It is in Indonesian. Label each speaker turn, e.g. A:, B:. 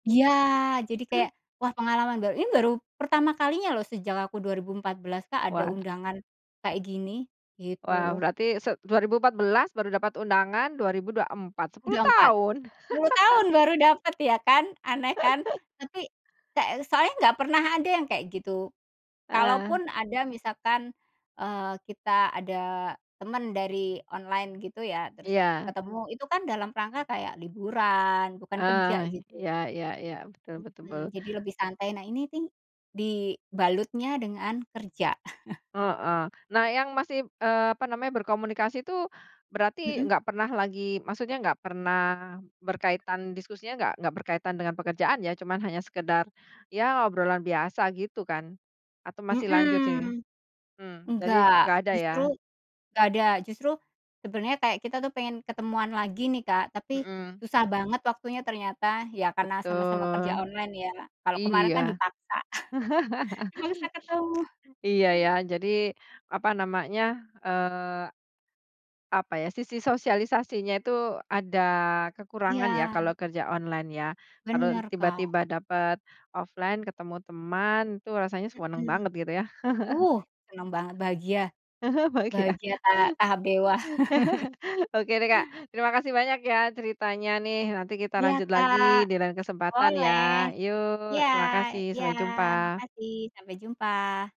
A: Iya, jadi kayak, wah pengalaman baru ini baru pertama kalinya loh, sejak aku 2014 Kak, ada
B: Wah.
A: undangan kayak gini,
B: Wow,
A: gitu.
B: berarti se dua ribu empat belas baru dapat undangan, 2024, 10
A: Udah empat
B: tahun.
A: sepuluh tahun baru dapet ya, kan aneh kan. Tapi, ka soalnya nggak pernah ada yang kayak gitu.
B: Ah.
A: Kalaupun ada misalkan, eee, kita ada teman dari online gitu ya, terus
B: Iya.
A: ketemu, itu kan dalam rangka kayak liburan, bukan kerja,
B: Ah,
A: gitu.
B: iya iya iya, betul betul.
A: Mhm, jadi lebih santai, nah ini nih, dibalutnya dengan kerja.
B: Heeh. Nah, yang masih, eee, apa namanya, berkomunikasi tuh, berarti
A: Mhm.
B: nggak pernah lagi maksudnya nggak pernah berkaitan diskusinya nggak nggak berkaitan dengan pekerjaan ya, cuman hanya sekedar, ya obrolan biasa gitu kan, atau masih lanjut sih?
A: Mhm.
B: Mmm, jadi
A: Nggak,
B: nggak ada ya?
A: justru nggak ada, justru sebenernya kayak kita tuh pengen ketemuan lagi nih, Kak, tapi
B: Mhm.
A: susah banget waktunya ternyata, ya karena sama-sama kerja
B: Betul.
A: online ya. Kalau kemarin
B: Iya.
A: kan dipaksa, dipaksa ketemu.
B: Iya ya, jadi apa namanya, eee, apa ya, sisi sosialisasinya itu ada kekurangan ya,
A: Iya.
B: kalau kerja online ya, kalau
A: Benar, Kak.
B: tiba-tiba dapat offline ketemu teman itu rasanya senang
A: Mhm.
B: banget, gitu ya?
A: Uh, seneng banget bahagia
B: Bahagia.
A: bahagia ta tahap dewa.
B: Oke deh, Kak. Terima kasih banyak ya, ceritanya nih, nanti kita
A: Iya,
B: lanjut lagi
A: Kak,
B: di lain kesempatan ya,
A: boleh.
B: yuk
A: Iya
B: terima kasih,
A: iya,
B: sampai jumpa!
A: makasih, sampai jumpa.